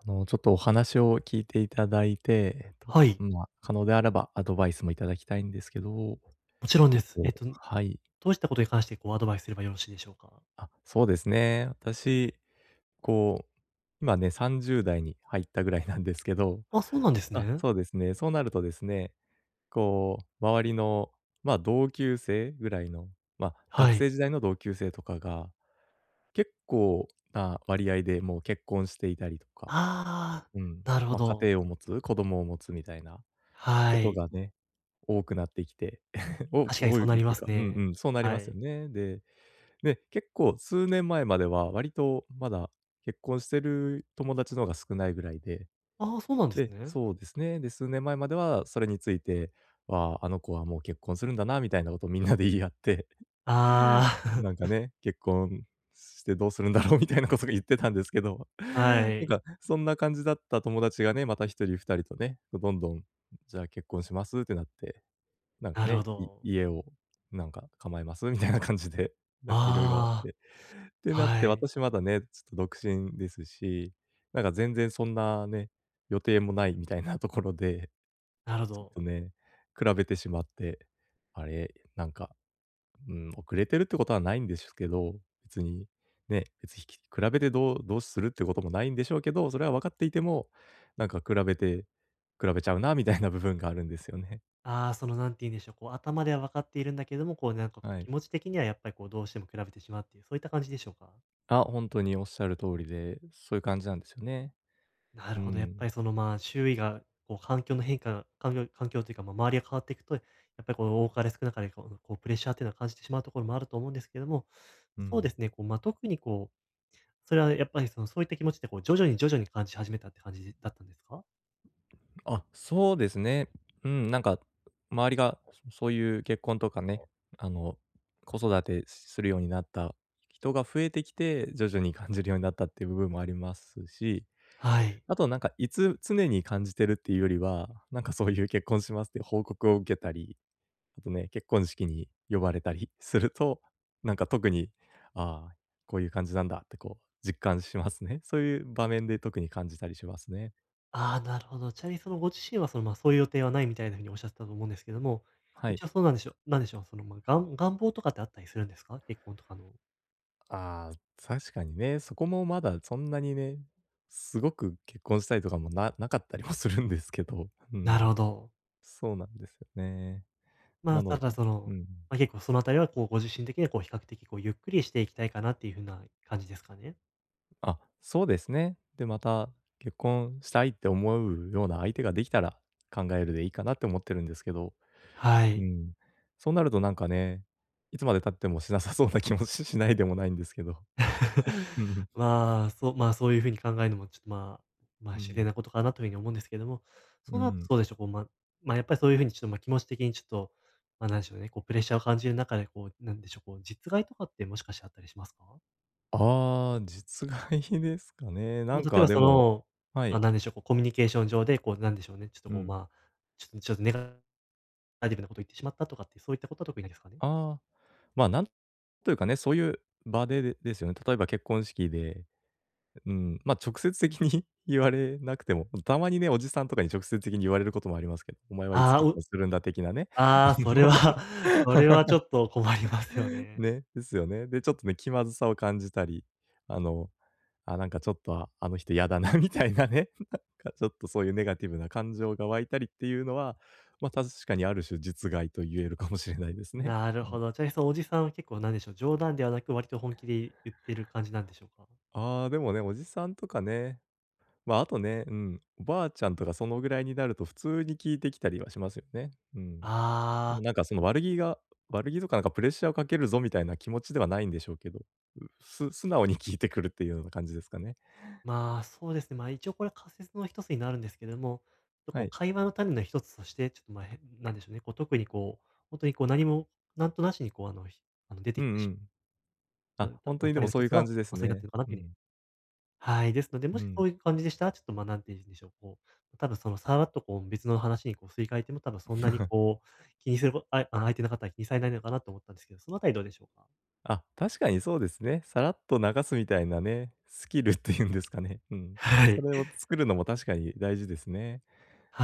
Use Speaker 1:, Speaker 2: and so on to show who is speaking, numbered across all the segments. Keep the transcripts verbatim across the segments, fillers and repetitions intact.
Speaker 1: あの、ちょっとお話を聞いていただいて、えっと、
Speaker 2: はい。
Speaker 1: ま、可能であればアドバイスもいただきたいんですけど。
Speaker 2: もちろんで
Speaker 1: えっ
Speaker 2: す。えっ
Speaker 1: と
Speaker 2: と、ど
Speaker 1: はい。
Speaker 2: うしたことに関して、こうアドバイスすればよろしいでしょうか？
Speaker 1: あ、そうですね。私、こう、今ね、さんじゅうだいに入ったぐらいなんですけど
Speaker 2: あ、そうなんです
Speaker 1: あ、
Speaker 2: ね。
Speaker 1: そうですね。そうなるとですね、こう周りの、ま、同級生ぐらいの、ま、
Speaker 2: は
Speaker 1: 学
Speaker 2: い。
Speaker 1: 生時代の同級生とかが、結構な割合でもう結婚していたりとか、
Speaker 2: ああ、
Speaker 1: うん、
Speaker 2: なるほ
Speaker 1: ま、家
Speaker 2: ど。
Speaker 1: 庭を持つ、子供を持つみたいなこ
Speaker 2: は
Speaker 1: と
Speaker 2: い。
Speaker 1: がね、多くなってきて。多
Speaker 2: 確
Speaker 1: く
Speaker 2: かに
Speaker 1: 多
Speaker 2: そ
Speaker 1: い
Speaker 2: うな
Speaker 1: っ
Speaker 2: りま
Speaker 1: て
Speaker 2: す
Speaker 1: かうんう
Speaker 2: ね、
Speaker 1: ん、そうなり
Speaker 2: は
Speaker 1: ますよ
Speaker 2: い。
Speaker 1: ね。でで、結構数年前までは割と、まだ結婚してる友達の方が少ないぐらいで、
Speaker 2: ああ、そうなんです
Speaker 1: で
Speaker 2: ね。
Speaker 1: そうですね。で、数年前まではそれについて「わあ、あの子はもう結婚するんだな」みたいなことをみんなで言い合って。
Speaker 2: あ
Speaker 1: なんか
Speaker 2: あ。
Speaker 1: ね、「結婚してどうするんだろう」みたいなこそご言ってたんですけど、な
Speaker 2: は
Speaker 1: ん
Speaker 2: い。
Speaker 1: か、そんな感じだった友達がね、また、一人二人とね、と、どんどん「じゃあ結婚します」ってなって、なんか
Speaker 2: なるほ
Speaker 1: ね、「い
Speaker 2: ど。
Speaker 1: 家を、なんか構えます」みたいな感じで、なんか色々あっ
Speaker 2: あ
Speaker 1: てって
Speaker 2: あ。
Speaker 1: なって、
Speaker 2: はい。
Speaker 1: 私まだね、ちょっと独身ですし、なんか全然そんなね、予定もないみたいなところで
Speaker 2: なるほ
Speaker 1: ちょっ
Speaker 2: ど。
Speaker 1: とね、比べてしまって、あれ、なんかうーん、遅れてるってことはないんでしゅけど、別にね、別ひき比べてどうどうするっていうこともないんでしょうけど、それは分かっていても、なんか比べて、比べちゃうなみたいな部分があるんですよね。
Speaker 2: ああ、その何て言うんでしょう、こう頭では分かっているんだけども、こうなんかこう
Speaker 1: はい。
Speaker 2: 気持ち的にはやっぱりこうどうしても比べてしまうっていう、そういった感じでしょうか？
Speaker 1: あ、本当におっしゃる通りで、そういう感じなんですよね。
Speaker 2: なる
Speaker 1: う
Speaker 2: ほど。やっぱ
Speaker 1: ん。
Speaker 2: りそのまあ、周囲がこう環境の変化、環境環境というか、まあ、周りが変わっていくと、やっぱりこう多かれ少なかれ、こうこう、プレッシャーっていうのを感じてしまうところもあると思うんですけれども、
Speaker 1: う
Speaker 2: そう
Speaker 1: ん。
Speaker 2: ですね、こう、ま、特にこう、それはやっぱりそのそういった気持ちでこう徐々に徐々に感じ始めたって感じだったんですか？
Speaker 1: あ、そうですね。うん、なんか、周りが、そういう結婚とかね、あの、子育てするようになった人が、増えてきて、徐々に感じるようになったっていう部分もありますし、
Speaker 2: はい。
Speaker 1: あとなんかいつ常に感じているっていうよりは、なんかそういう結婚しますっていう報告を受けたり、あとね、結婚式に呼ばれたりすると、なんか特に、ああ、こういう感じなんだってこう実感しますね。そういう場面で特に感じたりしますね。
Speaker 2: ああ、なるほど。ちなみにそのご自身はその、ま、そういう予定はないみたいな風におっしゃってたと思うんですけども、
Speaker 1: はい。
Speaker 2: 一応そうなんでしょうなんでしょう、その、ま、がん願望とかってあったりするんですか？結婚とかの。
Speaker 1: ああ、確かにね。そこもまだそんなにね、すごく結婚したりとかもななかったりもするんですけど、う
Speaker 2: なる
Speaker 1: ん。
Speaker 2: ほど。
Speaker 1: そうなんですよね。
Speaker 2: ま
Speaker 1: な
Speaker 2: あ、
Speaker 1: の
Speaker 2: なん
Speaker 1: で、
Speaker 2: かそ
Speaker 1: う
Speaker 2: の、
Speaker 1: ん。
Speaker 2: ま、結構その辺りはこうご自身的にはこう比較的こうゆっくりしていきたいかなっていう風な感じですかね。
Speaker 1: あ、そうですね。で、また結婚したいって思うような相手ができたら、考えるでいいかなって思ってるんですけど。
Speaker 2: は
Speaker 1: う
Speaker 2: い。
Speaker 1: ん。そうなると、なんか、ね、いつまで経ってもしなさそうな気もししないでもないんですけど。うん。
Speaker 2: まあ、そう、ま、そういう風に考えるのも、ちょっと、まあ、ま、
Speaker 1: う
Speaker 2: 自然
Speaker 1: ん。
Speaker 2: なことかなという風に思うんですけれども、
Speaker 1: う
Speaker 2: そ
Speaker 1: ー
Speaker 2: うなると
Speaker 1: ん。
Speaker 2: どうでしょう、こう、ま、ま、やっぱり、そういう風に、ちょっと、ま、気持ち的に、ちょっと、ま、なんでしょうね、こう、プレッシャーを感じる中で、こう、なんでしょう、こう、実害とかってもしかしてあったりしますか？
Speaker 1: ああ、実害ですかね。な
Speaker 2: ま、
Speaker 1: ん
Speaker 2: 例え
Speaker 1: か
Speaker 2: ば、
Speaker 1: で
Speaker 2: そ
Speaker 1: も、
Speaker 2: の、
Speaker 1: は
Speaker 2: ま、
Speaker 1: い。
Speaker 2: 何でしょう、こう、コミュニケーション上で、こう、なんでしょうね、ちょっと、
Speaker 1: う
Speaker 2: こう、
Speaker 1: ん。
Speaker 2: まあ、ちょっとちょっとネガネガティブなことを言ってしまったとかって、そういったことは特にないですかね？
Speaker 1: ああ、ま、なんというか、ね、そういう場でですよね。例えば結婚式で、うん、ま、直接的に言われなくても、たまにね、おじさんとかに直接的に言われることもありますけど、「お前はいつ
Speaker 2: ああ、
Speaker 1: 結
Speaker 2: う。
Speaker 1: 婚するんだ」的なね。
Speaker 2: ああ、それは、それはちょ っと困りますよね。
Speaker 1: ね、ですよね。で、ちょっと、ね、気まずさを感じたり、あの、あ、なんか、ちょっと、あの人嫌だな、みたいな、ね、なんか、ちょっとそういうネガティブな感情が湧いたりっていうのは、ま、確かにある種実害と言える かもしれないですね。
Speaker 2: なる
Speaker 1: う
Speaker 2: ほ
Speaker 1: ん。
Speaker 2: ど。ちなみに、そ、おじさんは結構なんでしょう、冗談ではなく、割と本気でい言ってる感じなんでしょうか？
Speaker 1: ああ、でもでも、おじさんとかね、まあ、あと、ね、うん、おばあちゃんとか、そのぐらいになると普通に聞いてきたりはしますよね。うん。
Speaker 2: ああ。
Speaker 1: なんか、その、悪気が悪気とか、なんか、プレッシャーをかけるぞみたいな気持ちではないんでしょうけど、す素直に聞いてくるっていうような感じですかね。
Speaker 2: まあ、そうですね。まあ、一応これは仮説の一つになるんですけれども、
Speaker 1: は
Speaker 2: こう、
Speaker 1: い。
Speaker 2: 会話の種の一つとして、ちょっと、まあ、へ、なんでしょうね。こう、特に、こう、本当に、こう、何もなんとなしに、こう、あのあの、出
Speaker 1: う
Speaker 2: て
Speaker 1: ん
Speaker 2: きて
Speaker 1: う
Speaker 2: しまう。
Speaker 1: ん。
Speaker 2: あ、
Speaker 1: あ、
Speaker 2: た
Speaker 1: 本当にで
Speaker 2: 種
Speaker 1: も
Speaker 2: の
Speaker 1: そう
Speaker 2: 一
Speaker 1: いう
Speaker 2: つ
Speaker 1: 感
Speaker 2: は、
Speaker 1: じです
Speaker 2: ま、それになって
Speaker 1: ね。
Speaker 2: るのかな
Speaker 1: う
Speaker 2: という風
Speaker 1: ん。
Speaker 2: に。はい、ですので、
Speaker 1: う
Speaker 2: もしそ
Speaker 1: ん。
Speaker 2: ういう感じでしたら、ちょっと、ま、なんて言うんでしょう、こう、多分、その、さらっと、こう、別の話に、こう、すり替えても、多分そんなに、こう、気にすることあ相手の方は気にされないのかなと思ったんですけど、そのあたりどうでしょうか？
Speaker 1: あ、確かにそうですね。さらっと流すみたいなね、スキルっていうんですかね、うん。
Speaker 2: は
Speaker 1: そ
Speaker 2: い。
Speaker 1: れを作るのも確かに大事ですね。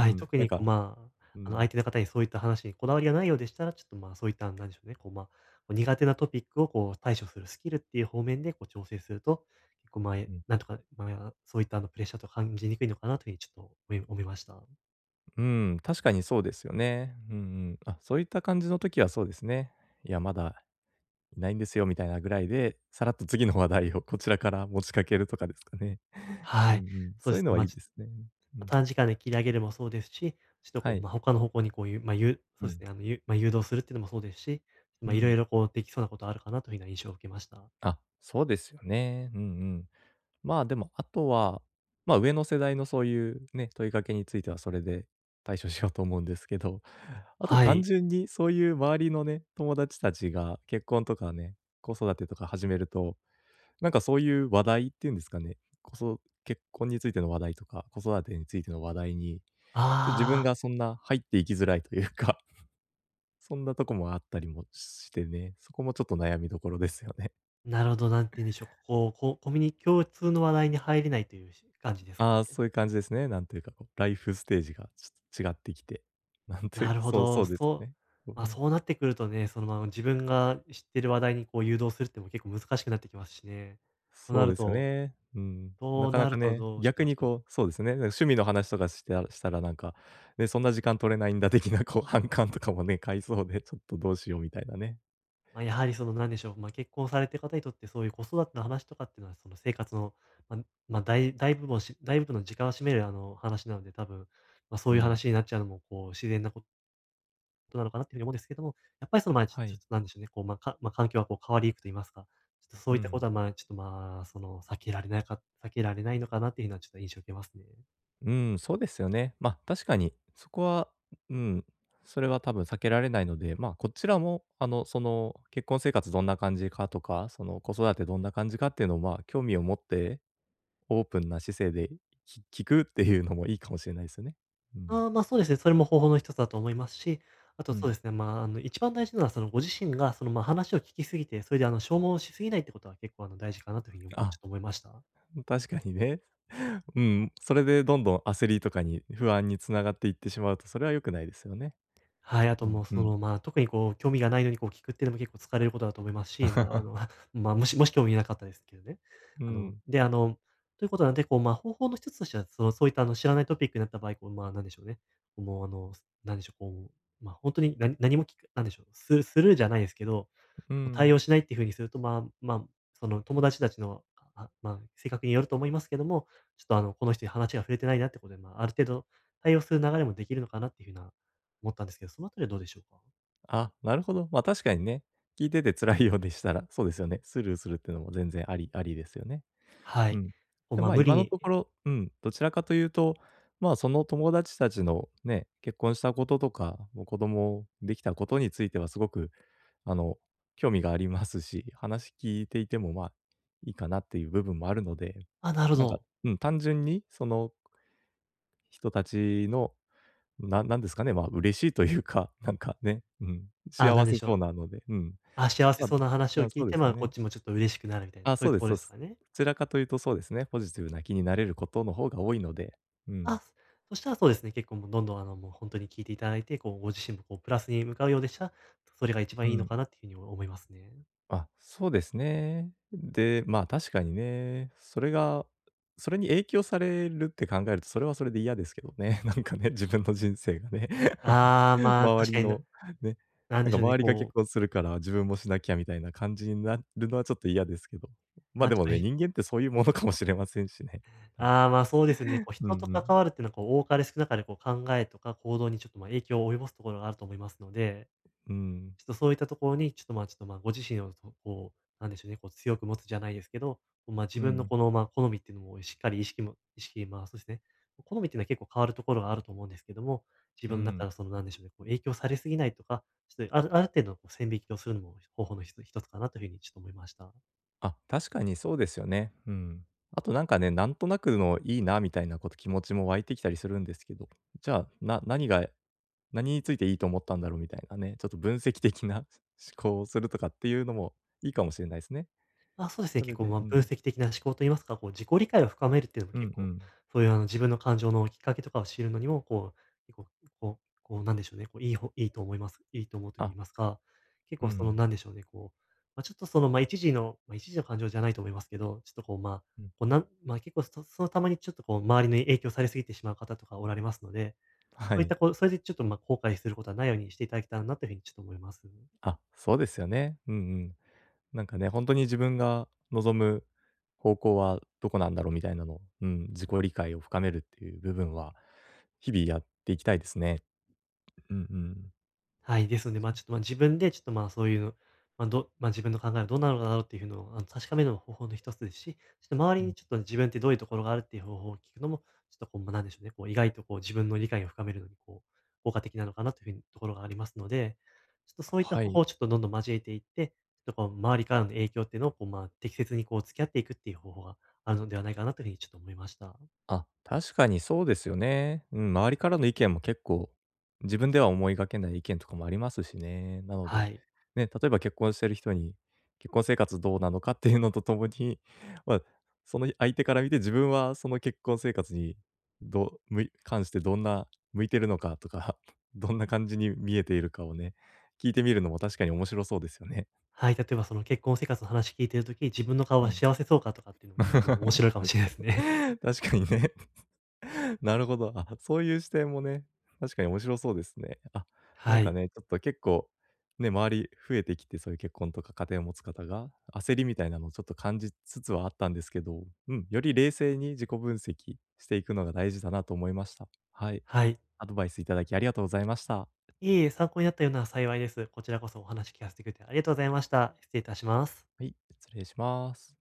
Speaker 1: う
Speaker 2: い。
Speaker 1: ん、
Speaker 2: 特
Speaker 1: なん
Speaker 2: にこ
Speaker 1: か
Speaker 2: う、まあ、
Speaker 1: う
Speaker 2: あの、相
Speaker 1: ん。
Speaker 2: 手の方に、そういった話にこだわりがないようでしたら、ちょっとま、そういった、何でしょうね、こうま、苦手なトピックをこう、対処するスキルっていう方面でこう、調整すると、こう、
Speaker 1: う
Speaker 2: 前、
Speaker 1: ん。
Speaker 2: なんとか、まよら、そういったあの、プレッシャーと感じにくいのかなという風にちょっと思い思いました。
Speaker 1: うん、確かにそうですよね。うんうん。あ、そういった感じの時はそうですね。「いや、まだいないんですよ」みたいなぐらいで、さらっと次の話題を、こちらから持ちかけるとかですかね。うん
Speaker 2: は
Speaker 1: う
Speaker 2: い。
Speaker 1: ん。
Speaker 2: そう
Speaker 1: そ
Speaker 2: で
Speaker 1: ういう
Speaker 2: す
Speaker 1: の
Speaker 2: ね。
Speaker 1: はい
Speaker 2: ま、
Speaker 1: い
Speaker 2: ち
Speaker 1: ですね。うん。
Speaker 2: 短時間で切り上げるもそうですし、ちょっと
Speaker 1: は
Speaker 2: こう、
Speaker 1: い。
Speaker 2: ま、他の方向にこういう、ま、ゆ
Speaker 1: う
Speaker 2: そうです
Speaker 1: ん。
Speaker 2: ね。あの、ゆま、誘導するっていうのもそうですし、
Speaker 1: う
Speaker 2: ま、色
Speaker 1: ん。
Speaker 2: 々こう、できそうなことあるかなという風な印象を受けました。
Speaker 1: あ、そうですよね。うんうん。まあ、でも、あとは、まあ、上の世代のそういうね、問いかけについてはそれで対処しようと思うんですけど、あと、
Speaker 2: は
Speaker 1: 単
Speaker 2: い。
Speaker 1: 純にそういう周りのね、友達たちが結婚とかね、子育てとか始めると、なんか、そういう話題っていうんですかね、こそ結婚についての話題とか、子育てについての話題に、ちょっと、自
Speaker 2: あ
Speaker 1: 分
Speaker 2: あ。
Speaker 1: がそんな、入っていきづらいというかそんなとこもあったりもしてね、そこもちょっと、悩みどころですよね。
Speaker 2: なるほど、何て言うんでしょう、こう、ココミュニ共通の話題に入れないというし、感じですか
Speaker 1: ああ、
Speaker 2: ね。
Speaker 1: そういう感じですね。なんというか、こう、ライフステージがちょっと、違ってきて、なんとい
Speaker 2: な
Speaker 1: う
Speaker 2: る
Speaker 1: か、
Speaker 2: ほ
Speaker 1: そうそ
Speaker 2: ど。
Speaker 1: うです
Speaker 2: そう
Speaker 1: ね。う
Speaker 2: ま、
Speaker 1: ん。
Speaker 2: そうなってくるとね、そのまあ、自分が知ってる話題にこう、誘導するっていうのも結構、難しくなってきますしね。とな
Speaker 1: そう
Speaker 2: る
Speaker 1: ですよ
Speaker 2: と
Speaker 1: ね。うん。な
Speaker 2: と
Speaker 1: かな
Speaker 2: なる
Speaker 1: か
Speaker 2: と、
Speaker 1: ね、
Speaker 2: どうし
Speaker 1: 逆
Speaker 2: ま
Speaker 1: に
Speaker 2: しょう。
Speaker 1: こう、そうですね、だ、趣味の話とかしたしたらなんか、え、そんな時間取れないんだ的なこう、反感とかもね、買いそうで、ちょっとどうしようみたいなね。
Speaker 2: ま、やはりその、何でしょう、ま、結婚されてる方にとってそういう、子育ての話とかっていうのは、その、生活の、まま、だい大部分をし大部分の時間を占める、あの、話なので多分、ま、そ
Speaker 1: う
Speaker 2: ういう
Speaker 1: ん。
Speaker 2: 話になっちゃうのも、こう、自然なこどうなのかなっていう風に思うんですけども、やっぱりその、ま、ちょ
Speaker 1: は
Speaker 2: ちょ
Speaker 1: い。
Speaker 2: っとなんでしょうね、こう、ま、かま、環境がこう変わりゆくと言いますか、ちょっとそ
Speaker 1: う
Speaker 2: ういったこ
Speaker 1: ん。
Speaker 2: とは、まあ、ちょっと、まあ、その、避けられないか避けられないのかなっていうのはちょっと印象を受けます。
Speaker 1: うん、そうですよね。ま、確かに、そこは、うん、それは多分避けられないので、まあこちらも、あのその、結婚生活どんな感じかとか、その子育てどんな感じかっていうのを、まあ興味を持って、オープンな姿勢で、き聞くっていうのもいいかもしれないですよね。うん。
Speaker 2: ああ、ま、そうですね。それも方法の一つだと思いますし、あと
Speaker 1: う
Speaker 2: そう
Speaker 1: ん。
Speaker 2: ですね。まあ、あの一番大事なのはそのご自身がその、ま、話を聞きすぎてそれであの消耗し過ぎないってことは結構あの大事かなという風に、ち
Speaker 1: あ、
Speaker 2: ょっと思いました。
Speaker 1: 確かにね。うん、それでどんどん焦りとかに、不安につながっていってしまうとそれは良くないですよね。
Speaker 2: はい、あと
Speaker 1: うん、
Speaker 2: もう
Speaker 1: う
Speaker 2: そ
Speaker 1: ん。
Speaker 2: の、ま、特にこう興味がないのにこう聞くっていうのも結構疲れることだと思いますし、ま、あ の、ま、もしもし興味なかったですけどね。
Speaker 1: う
Speaker 2: あの、
Speaker 1: ん。
Speaker 2: で、あの、ということなんで、こう、ま、方法の一つとしてはそのそういったあの知らないトピックになった場合、こうまあ何でしょうね、もうあのすなんでしょう、こう、ま、本当に何何も聞く、何でしょう、ススルーじゃないですけど、も
Speaker 1: う
Speaker 2: う対
Speaker 1: ん。
Speaker 2: 応しないっていう風にすると、まま、その友達たちの、あ、ま、性格によると思いますけども、ちょっとあの、この人に話が触れてないなってことで、ま、ある程度、対応する流れもできるのかなっていう風な、思ったんですけど、その辺りはどうでしょうか？
Speaker 1: あ、なるほど。まあ、確かにね、聞いてて辛いようでしたら、そうですよね。スルーするっていうのも全然ありありですよね。
Speaker 2: は
Speaker 1: う
Speaker 2: い。
Speaker 1: ん。
Speaker 2: お
Speaker 1: でも、
Speaker 2: ま
Speaker 1: まあ、
Speaker 2: 無理
Speaker 1: 今の
Speaker 2: に
Speaker 1: ところうん、どちらかというと、まあ、その友達たちのね、結婚したこととか、もう子供できたことについてはすごく、あの、興味がありますし、話聞いていても、まあ、いいかなっていう部分もあるので、
Speaker 2: あ、なるほ
Speaker 1: なんか、
Speaker 2: ど。
Speaker 1: うん、単純にその人たちの、ななんですかね、まあ、嬉しいというか、なんかね、うん。
Speaker 2: あ、な
Speaker 1: 幸
Speaker 2: んで
Speaker 1: せ
Speaker 2: しょ
Speaker 1: そ
Speaker 2: う？
Speaker 1: うなので、うん。
Speaker 2: あ、幸せ
Speaker 1: まあ、
Speaker 2: そうな話
Speaker 1: ぶ
Speaker 2: を
Speaker 1: あ、
Speaker 2: 聞
Speaker 1: そ
Speaker 2: い
Speaker 1: うで
Speaker 2: て、
Speaker 1: す
Speaker 2: ま
Speaker 1: よ
Speaker 2: あ、こっ
Speaker 1: ね。
Speaker 2: ちもちょっと、嬉しくなるみたいな、
Speaker 1: あ、
Speaker 2: そうい
Speaker 1: そ
Speaker 2: う
Speaker 1: う
Speaker 2: と
Speaker 1: で
Speaker 2: こ
Speaker 1: す
Speaker 2: ろで
Speaker 1: そ
Speaker 2: すか
Speaker 1: す。
Speaker 2: ね。
Speaker 1: どちらかというとそうですね、ポジティブな気になれることの方が多いので、うん。
Speaker 2: あ、そしたらそうですね。結構もう、どんどん、あの、もう、ほんとに聞いていただいて、こう、ご自身もこう、プラスに向かうようでしたら、それが一
Speaker 1: う
Speaker 2: 番いいの
Speaker 1: ん。
Speaker 2: かなっていうふうに思いますね。
Speaker 1: あ、そうですね。で、まあ、確かにね、それが、それに影響されるって考えると、それはそれで嫌ですけどね。なんかね、自分の人生がね。
Speaker 2: ああ、まあ、
Speaker 1: 周
Speaker 2: 確か
Speaker 1: り
Speaker 2: にな
Speaker 1: の、ね
Speaker 2: なん
Speaker 1: なん
Speaker 2: で
Speaker 1: か、
Speaker 2: しょうね、
Speaker 1: 周りが
Speaker 2: こう
Speaker 1: 結婚するから、自分もしなきゃみたいな感じになるのはちょっと、嫌ですけど。まあ、
Speaker 2: ま、
Speaker 1: で
Speaker 2: ち
Speaker 1: も
Speaker 2: ょ
Speaker 1: ね、
Speaker 2: い
Speaker 1: 人間ってそういうものかもしれませんしね。なんか
Speaker 2: あ、ま、そうですね。こ
Speaker 1: ね。
Speaker 2: う、
Speaker 1: うん
Speaker 2: 人と
Speaker 1: う
Speaker 2: 関わ
Speaker 1: ん。
Speaker 2: るっていうのはこう、多かれ少なかれ、こう、考えとか行動にちょっと、ま、影響を及ぼすところがあると思いますので、
Speaker 1: うん。
Speaker 2: ちょっと、そういったところに、ちょっと、ま、ちょっと、ま、ご自身をその、こう、なんでしょうね、こう、強く持つじゃないですけど、ま、自
Speaker 1: うんう
Speaker 2: 分の
Speaker 1: ん。
Speaker 2: この、ま、好みっていうのをしっかり意識も意識、ま、そうですね。好みっていうのは結構、変わるところがあると思うんですけども、自
Speaker 1: う
Speaker 2: 分の中か
Speaker 1: ん。
Speaker 2: らその、なんでしょうね。こう、影響されすぎないとか、ちょっとあるある程度の線引きをするのも、方法のひと一つかなという風に、ちょっと思いました。
Speaker 1: あ、確かにそうですよね。うーん。あとなんかね、なんとなくの「いいな」みたいなこと気持ちも湧いてきたりするんですけど、じゃあ、な何が何についていいと思ったんだろうみたいなね、ちょっと分析的な思考をするとかっていうのもいいかもしれないすね。
Speaker 2: あ、そうですね。
Speaker 1: それ
Speaker 2: 結構
Speaker 1: で
Speaker 2: ま、
Speaker 1: う
Speaker 2: 分
Speaker 1: ん。
Speaker 2: 析的な思考と言いますか、こう自己理解を深めるっていうのも
Speaker 1: う
Speaker 2: 結
Speaker 1: んう
Speaker 2: 構、
Speaker 1: ん。
Speaker 2: そういうあの、自分の感情のきっかけとかを知るのにも、こう、結構、こうこう、なんでしょうね、こう、いいほいいと思いますいいと思うと言
Speaker 1: あ。
Speaker 2: いますか、結
Speaker 1: うんう
Speaker 2: 構その
Speaker 1: ん。
Speaker 2: なんでしょうね、こう、ま、ちょっとそのま、一時のま、一時の感情じゃないと思いますけど、ちょっとこう、ま、
Speaker 1: うん。
Speaker 2: こうなんま、結構、そそのたまにちょっとこう周りに影響され過ぎてしまう方とかおられますので、そ
Speaker 1: は
Speaker 2: ういった
Speaker 1: い。
Speaker 2: こう、それでちょっとま、後悔することはないようにしていただけたらな、というふうにちょっと思いますね。
Speaker 1: あ、そうですよね。うんうん。なんかね、「ほんとに自分が望む方向はどこなんだろう？」みたいなの、うん、自己理解を深めるっていう部分は、日々やっていきたいですね。うんうん。
Speaker 2: はい、ですので、ま、ちょっとま、自分でちょっとま、そういうの、ま、どま、自分の考えはどんなのだろうっていうふうのをあの、確かめるの、方法の一つですし、ちょっと周
Speaker 1: う
Speaker 2: りに
Speaker 1: ん。
Speaker 2: ちょっと自分ってどういうところがあるっていう方法を聞くのもちょっとこう、ま、なんでしょうね、こう意外とこう、自分の理解を深めるのにこう、効果的なのかなというふうにところがありますので、ちょっとそういった
Speaker 1: は
Speaker 2: 方法
Speaker 1: い。
Speaker 2: をちょっとどんどん交えていって、ちょっとこう周りからの影響っていうのをこうまあ、適切にこう付き合っていくっていう方法があるのではないかなというふうにちょっと思いました。
Speaker 1: あ、確かにそうですよね。うん、周りからの意見も結構、自分では思いがけない意見とかもありますしね。なの
Speaker 2: は
Speaker 1: で、
Speaker 2: い。
Speaker 1: ね、例えば結婚してる人に結婚生活どうなのかっ ていうのとともに、ま、その、ひ相手から見て自分はその、結婚生活に、どむい関してどんな向いているのかとか、どんな感じに見えているかをね、聞いてみるのも確かに面白そうですよね。
Speaker 2: はい、例えばその結婚生活の話聞いている時、自分の顔
Speaker 1: う
Speaker 2: は
Speaker 1: ん。
Speaker 2: 幸せそうかとかっていうのも結構面
Speaker 1: 確か
Speaker 2: 白いかもしれないすね。
Speaker 1: に確かにね。なるほど。あ、そういう視点もね、確かに面白そうですね。あ、な
Speaker 2: は
Speaker 1: んか
Speaker 2: い。
Speaker 1: ね、ちょっと結構、ね、周り増えてきてそういう結婚とか家庭を持つ方が、焦りみたいなのをちょっと感じつつはあったんですけど、うん、より冷静に自己分析していくのが大事だなと思いました。はい。
Speaker 2: はい。
Speaker 1: アドバイスいただきありがとうございました。
Speaker 2: いえいえ、参考になったようなら幸いです。こちらこそお話聞かせてくれてありがとうございました。失礼いたします。
Speaker 1: はい、失礼します。